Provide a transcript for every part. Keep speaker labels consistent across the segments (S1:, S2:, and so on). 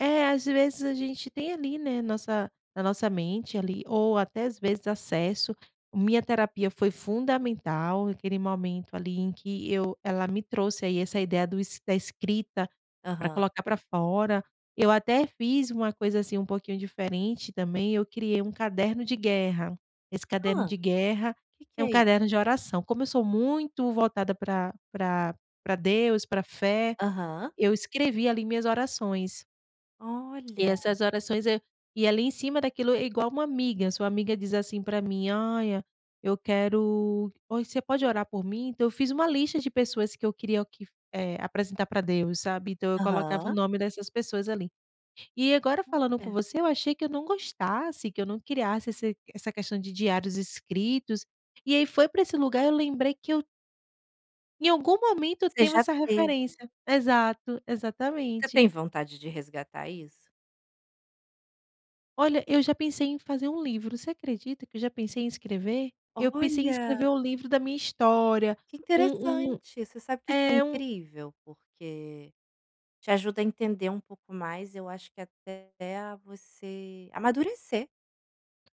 S1: É, às vezes, a gente tem ali, né, nossa na nossa mente ali, ou até, às vezes, acesso minha terapia foi fundamental naquele momento, ali, em que eu ela me trouxe aí essa ideia do da escrita, para
S2: Aham.
S1: colocar para fora. Eu até fiz uma coisa, assim, um pouquinho diferente também, eu criei um caderno de guerra. Esse caderno
S2: Ah,
S1: de guerra,
S2: que que
S1: é um
S2: é isso?
S1: caderno de oração. Como eu sou muito voltada pra pra pra Deus, para fé,
S2: Aham.
S1: eu escrevi ali minhas orações. E
S2: Olha!
S1: essas orações, eh, e ali em cima daquilo é igual uma amiga, sua amiga diz, assim, para mim, "Olha, eu quero oi você pode orar por mim?". Então, eu fiz uma lista de pessoas, que eu queria que, eh, apresentar para Deus sabe. Então, eu colocava o
S2: Aham.
S1: nome dessas pessoas ali. E agora falando com
S2: Olha.
S1: você, eu achei que eu não gostasse, que eu não criasse esse essa questão de diários escritos, e aí foi para esse lugar eu lembrei que eu em algum momento eu
S2: Você
S1: tenho
S2: já
S1: essa
S2: teve.
S1: referência exato,
S2: Você
S1: exatamente.
S2: tem vontade de resgatar isso?
S1: Olha, eu já pensei em fazer um livro, você acredita que eu já pensei em escrever? Eu pensei em
S2: Olha!
S1: escrever o livro da minha história,
S2: Que
S1: um um
S2: interessante, você sabe que isso é
S1: é um
S2: incrível? Porque, te ajuda a entender um pouco mais, eu acho que até você amadurecer,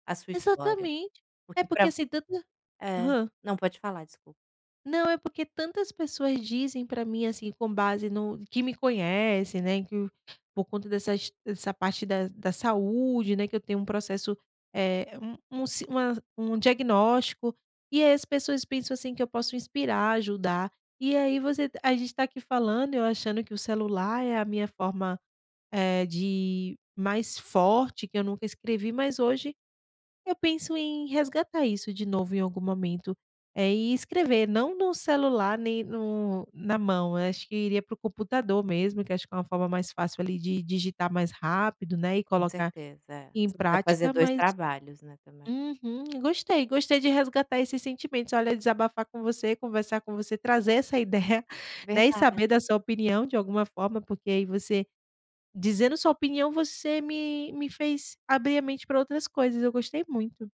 S2: a sua história.
S1: Exatamente, é
S2: Porque
S1: porque
S2: para
S1: [unintelligible]
S2: É
S1: hã.
S2: Não, pode falar, desculpa.
S1: Não, é porque tantas pessoas dizem para mim, assim, com base no que me conhecem, né, que, por conta dessas dessa parte da da saúde, né, que eu tenho um processo, eh, um um si uma um diagnóstico, e as pessoas pensam, assim, que eu posso inspirar, ajudar. E aí você a gente tá aqui falando, eu achando que o celular é a minha forma, eh, de mais forte que eu nunca escrevi mas hoje, eu penso em resgatar isso de novo em algum momento. E escrever não no celular, nem no na mão, eu acho que iria para o computador mesmo, que acho que é uma forma mais fácil, ali, de digitar mais rápido, não é, e
S2: Com
S1: colocar
S2: certeza,
S1: em
S2: você não vai fazer
S1: prática
S2: 2
S1: mas
S2: trabalhos, né, também.
S1: Uhum, gostei, gostei de resgatar esses sentimentos, olha, desabafar com você, conversar com você, trazer essa ideia, né, e saber
S2: Verdade.
S1: da sua opinião, de alguma forma, porque aí você, dizendo sua opinião, você me me fez abrir a mente para outras coisas, eu gostei muito.